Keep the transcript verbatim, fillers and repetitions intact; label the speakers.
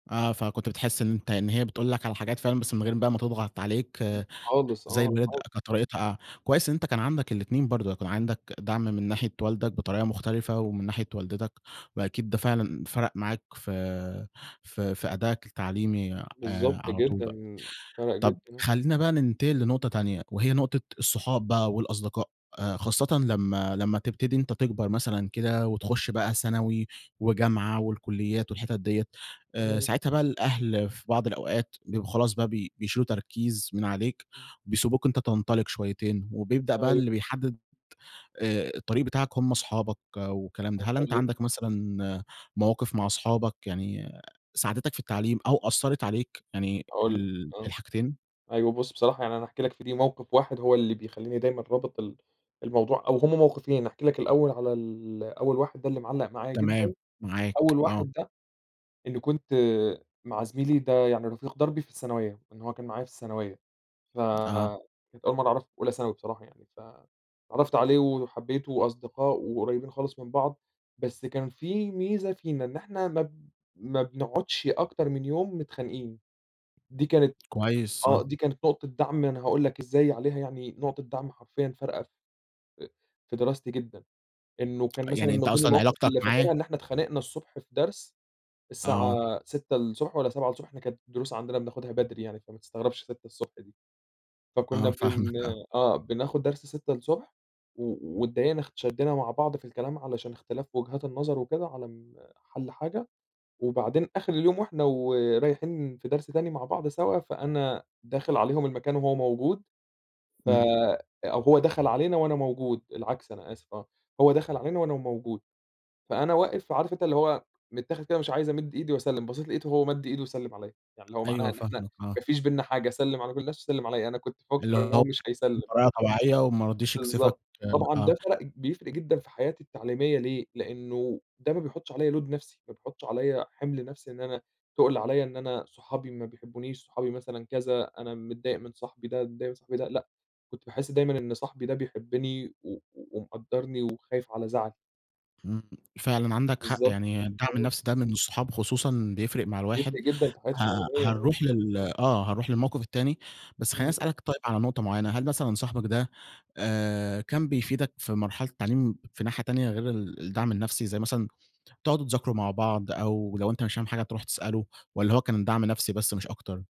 Speaker 1: آه، فكنت بتحس إن أنت إن هي بتقول لك على حاجات فعلًا، بس من غير بقى ما تضغط عليك
Speaker 2: [unintelligible] خالص
Speaker 1: زي
Speaker 2: آه
Speaker 1: الوالد،
Speaker 2: خ
Speaker 1: كانت طريقتها كويس إن أنت كان عندك الاتنين برضه، يكون عندك دعم من ناحية والدك بطريقة مُختلفة، ومن ناحية والدتك، وأكيد ده فعلًا فرق معاك ف في أدائك التعليمي
Speaker 2: بالضبط
Speaker 1: على طول بقى.
Speaker 2: جدًا، فَرَق جدًا
Speaker 1: طَب
Speaker 2: يعني.
Speaker 1: خلّينا بقى ننتقل لنقطة تانية، وهي نقطة الصحاب بقى والأصدقاء، آآ، خاصة لمّا لمّا تبتدي أنت تكبر مثلًا كده، وتخُشّ بقى ثانوي وجامعة والكليات والحتت ديَّة، آآ،
Speaker 2: إمم.
Speaker 1: ساعتها بقى، الأهل في بعض الأوقات بيبقوا خلاص بقى بي بيشيلوا تركيز من عليك
Speaker 2: امم.
Speaker 1: وبيسيبوك أنت تنطلق شويتين، وبيبدأ بقى
Speaker 2: أيوه.
Speaker 1: اللي بيحدّد آآ، الطريق بتاعك هم أصحابك والكلام ده، هل
Speaker 2: حصل
Speaker 1: أنت
Speaker 2: إيه؟
Speaker 1: عندك مثلًا مواقف مع أصحابك يعني ساعدتك في التعليم أو أثّرت عليك؟ يعني
Speaker 2: هاقول لك،
Speaker 1: ال
Speaker 2: آه،
Speaker 1: الحاجتين.
Speaker 2: أيوه بُصّ. بصراحة يعني أنا هاحكي لك في دي موقف واحد هو اللي بيخلّيني دايمًا رابط ال الموضوع، أو هُم موقفين، هاحكي لك الأول على ال أول واحد ده اللي معلّق معايا جدًا،
Speaker 1: تمام، معاك
Speaker 2: أول
Speaker 1: آه.
Speaker 2: واحد ده إني كنت مع زميلي ده يعني رفيق دربي في الثانوية، إن هو كان معايا في الثانوية،
Speaker 1: آه.
Speaker 2: فكانت أول مرّه أعرفُه في أولى ثانوي بصراحة يعني، ف اتعرّفت عليه وحبيتُه، وأصدقاء وقريّبين خالص من بعض، بس كان في ميزة فينا إن إحنا ما ب ما بنقعدش أكتر من يوم متخانقين، دي كانت
Speaker 1: كويس، آه.
Speaker 2: آه دي كانت نقطة دعم أنا هاقول لك إزاي عليها يعني نقطة دعم حرفيًا فارقة ف في دراستي جدًا، إنّه كان مثلًا
Speaker 1: يعني
Speaker 2: من
Speaker 1: أنت
Speaker 2: ضمن
Speaker 1: أصلًا
Speaker 2: المواقف
Speaker 1: علاقتك
Speaker 2: اللي
Speaker 1: معاه
Speaker 2: فاكرها، إن إحنا اتخانقنا الصبح في درس، الساعة
Speaker 1: آه.
Speaker 2: سِتّة الصبح الصبح والَّا سَبعة الصبح، إحنا كانت الدروس عندنا بناخدها بدري يعني، فما تستغربش سِتّة الصبح دي، فكنا
Speaker 1: آه
Speaker 2: بن
Speaker 1: فاهمك، آه.
Speaker 2: آه بناخد درس سِتّة الصبح و واتضايقنا شدّينا مع بعض في الكلام علشان اختلاف في وجهات النظر وكده على ال حَلّ حاجة، وبعدين آخر اليوم، وإحنا ورايحين في درس تاني مع بعض سوا، فأنا داخل عليهم المكان وهو موجود ف
Speaker 1: إمم.
Speaker 2: أو هو دخل علينا وأنا موجود، العكس أنا آسف آه، هو دخل علينا وأنا موجود، فأنا واقف عارف أنت اللي هو متاخد كده مش عايز أمِدّ إيدي وأسلّم، بَصّيت لقيته هو مَدّ إيده وسلم عليَّ، يعني اللي هو معناها
Speaker 1: أيوه
Speaker 2: إن إحنا
Speaker 1: فاهمك،
Speaker 2: ما
Speaker 1: آه.
Speaker 2: فيش بيننا حاجة، سلّم على كل الناس، وسلم عليَّ، أنا كنت
Speaker 1: اللي
Speaker 2: مفكّر إن هو
Speaker 1: هو
Speaker 2: مش هيسلّم.
Speaker 1: بطريقة طبيعية وما رضيش يكسفك،
Speaker 2: بالضبط،
Speaker 1: آآ،
Speaker 2: طبعًا ده
Speaker 1: آه.
Speaker 2: فَرَق بيفرِق جدًا في حياتي التعليمية ليه، لأنه ده ما بيحطش عليَّ load نفسي، ما بيحطّش عليَّ حِمل نفسي إن أنا تُقل عليَّ إن أنا صحابي ما بيحبونيش، صحابي مثلًا كذا، أنا متضايق من صاحبي ده، صاحبي ده لأ كنت باحس دايمًا إن صاحبي ده بيحبّني و ومقدّرني وخايف على زعلي.
Speaker 1: إمم، فعلًا عندك حق
Speaker 2: بالضبط.
Speaker 1: يعني الدعم النفسي ده من الصحاب خصوصًا بيفرِق مع الواحد،
Speaker 2: بيفرِق جدًا في حياتي
Speaker 1: ه
Speaker 2: التعليمية، آه.
Speaker 1: هنروح لل آه هنروح للموقف التاني، بس خلّيني
Speaker 2: إمم.
Speaker 1: أسألك طيب على نقطة معيّنة، هل مثلًا صاحبك ده آآ، كان بيفيدك في مرحلة التعليم في ناحية تانية؟ غير ال الدعم النفسي، زي مثلًا تقعدوا تذاكروا مع بعض، أو لو أنت مش فاهم حاجة تروح تسألُه، والَّا هو كان دعم نفسي بس مش أكتر؟